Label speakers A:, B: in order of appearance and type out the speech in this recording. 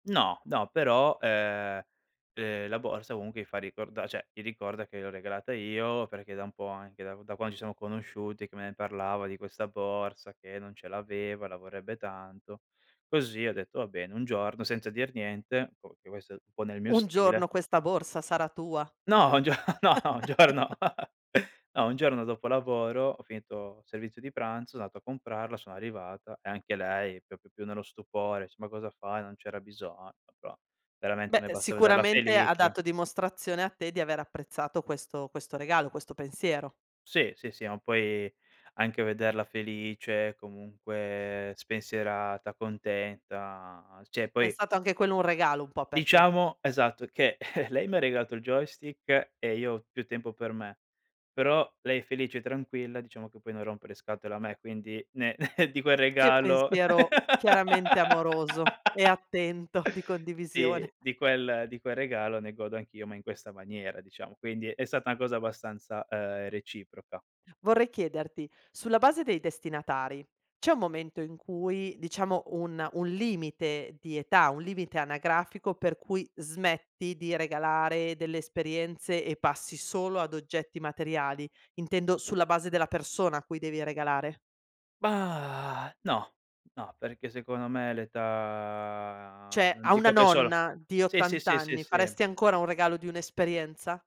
A: No, no, però ehm, ehm, la borsa comunque gli fa ricorda cioè, gli ricorda che gliel'ho regalata io, perché è da un po' anche da da quando ci sono conosciuti che me ne parlava di questa borsa che non ce l'aveva, la vorrebbe tanto. Così ho detto: "Va bene," un giorno senza dir niente, boh perché questo, un po' nel mio
B: Un
A: stile.
B: giorno questa borsa sarà tua.
A: No, un gio no un giorno no, un giorno dopo lavoro ho finito il servizio di pranzo, son andato a comprarla, sono arrivata e anche lei proprio più nello stupore, dice: "Ma cosa fai? Non c'era bisogno!" Però veramente, a
B: Beh
A: me basta vederla
B: sicuramente ha
A: felice.
B: dato dimostrazione a te di aver apprezzato questo questo regalo, questo pensiero.
A: Sì, sì, sì, ma poi anche vederla felice, comunque spensierata, contenta. Cioè,
B: È
A: poi
B: stato anche quello un regalo un po' per te.
A: Diciamo esatto, che lei m'ha regalato il joystick e io ho più tempo per me, però lei è felice e tranquilla, diciamo che poi non rompe le scatole a me, quindi ne di quel
B: Che
A: regalo
B: pensiero chiaramente amoroso e attento di condivisione.
A: Sì di quel di quel regalo ne godo anch'io, ma in questa maniera diciamo. Quindi è stata una cosa abbastanza, uhm, reciproca.
B: Vorrei chiederti, sulla base dei destinatari, c'è un momento in cui diciamo un un limite di età, un limite anagrafico per cui smetti di regalare delle esperienze e passi solo ad oggetti materiali, intendo sulla base della persona a cui devi regalare?
A: Mah, no, no, perché secondo me l' età,
B: Cioè,
A: non
B: a una
A: dico che è solo
B: nonna di
A: sì, sì,
B: 80
A: sì, sì,
B: anni
A: sì.
B: faresti ancora un regalo di un'esperienza?